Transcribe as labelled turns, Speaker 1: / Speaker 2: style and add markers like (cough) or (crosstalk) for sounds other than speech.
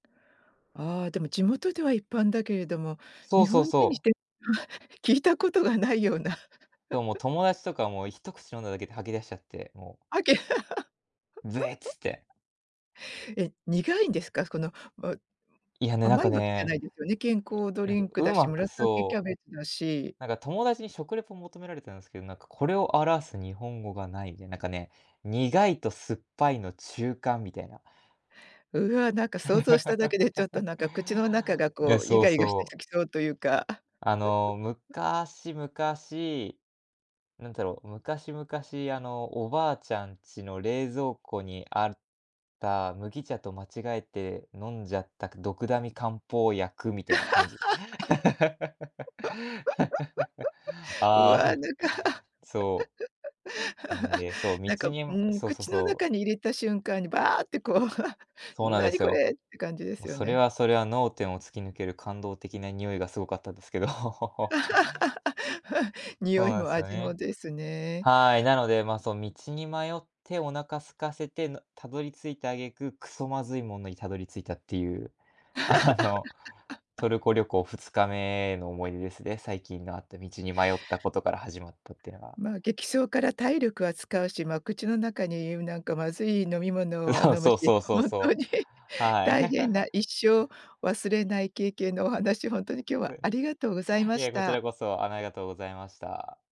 Speaker 1: ああ、でも地元では一般だけれども、
Speaker 2: そ
Speaker 1: 日
Speaker 2: うそう
Speaker 1: 本人にし
Speaker 2: そう。
Speaker 1: て、(chuckles) 聞いたことがないような。
Speaker 2: そう、もう
Speaker 1: (chuckles)
Speaker 2: 友達とかも一口飲んだだけで吐き出しちゃって、もう。
Speaker 1: あけ
Speaker 2: べ、つって。
Speaker 1: (laughs) え、苦いんですか？すこの、わう
Speaker 2: いや、ね、なん
Speaker 1: 甘
Speaker 2: か
Speaker 1: いわけじゃ
Speaker 2: ね、
Speaker 1: ないですよね？健康ド
Speaker 2: いなん
Speaker 1: リ
Speaker 2: か
Speaker 1: ンクだし、
Speaker 2: 上手く、
Speaker 1: 紫キャ
Speaker 2: そう、
Speaker 1: ベツだし。
Speaker 2: なんか友達に食レポを求められたんすけど、なんかこれを表す日本語がないで、なんかね、苦いと酸っぱいの中間みたいな。
Speaker 1: うわ、なんか想像しただけでちょっと
Speaker 2: (laughs)
Speaker 1: なんか口の中が、
Speaker 2: え、
Speaker 1: こう、イ
Speaker 2: そう
Speaker 1: ガイガして
Speaker 2: そう。
Speaker 1: きそうというか。
Speaker 2: あの、
Speaker 1: (chuckles)
Speaker 2: 昔々なんだろう、昔々あの、おばあちゃんちの冷蔵庫にあった麦茶と間違えて飲んじゃった、くドクダミ漢方薬みたいな感じ。(laughs)
Speaker 1: (laughs) うわ、な
Speaker 2: あ
Speaker 1: んか
Speaker 2: あ、そう。うん、
Speaker 1: (laughs)
Speaker 2: で、そう、
Speaker 1: なんか、
Speaker 2: 道
Speaker 1: う
Speaker 2: に、む
Speaker 1: ーん、
Speaker 2: そうそう
Speaker 1: 口の
Speaker 2: そう。
Speaker 1: 中に入れた瞬間にバーってこう、(chuckles)
Speaker 2: そうなんで
Speaker 1: 何
Speaker 2: す
Speaker 1: こ
Speaker 2: よ。
Speaker 1: れって感じで
Speaker 2: もう
Speaker 1: すよ
Speaker 2: それ
Speaker 1: ね。
Speaker 2: はそれは脳天を突き抜ける感動的な匂いがすごかったですけど。(laughs)
Speaker 1: (laughs)
Speaker 2: そ
Speaker 1: 匂
Speaker 2: う
Speaker 1: い
Speaker 2: なん
Speaker 1: も
Speaker 2: すよ
Speaker 1: 味も
Speaker 2: ね。
Speaker 1: ですね。
Speaker 2: はい、なので、ま、そう、道に迷ってお腹空かせてのたどり着いた挙句、くそまずいものにたどり着いたっていう。あの、
Speaker 1: (laughs)
Speaker 2: トルコ旅行2日目の思い出です、で、最近のあった道に迷ったことから始まったってのが。
Speaker 1: ま、激走から体力は使うし、ま、口の中に、うなんかまずい飲み物は
Speaker 2: (laughs)
Speaker 1: 飲む
Speaker 2: そう
Speaker 1: し、
Speaker 2: そうそう
Speaker 1: 本当
Speaker 2: そう。
Speaker 1: に
Speaker 2: はい。
Speaker 1: 大変な
Speaker 2: (chuckles)
Speaker 1: 一生忘れない経験のお話、ほんとに今日は
Speaker 2: ふ
Speaker 1: ありがとうございま
Speaker 2: え、
Speaker 1: し
Speaker 2: こち
Speaker 1: た。
Speaker 2: らこそ、あの、ありがとうございました。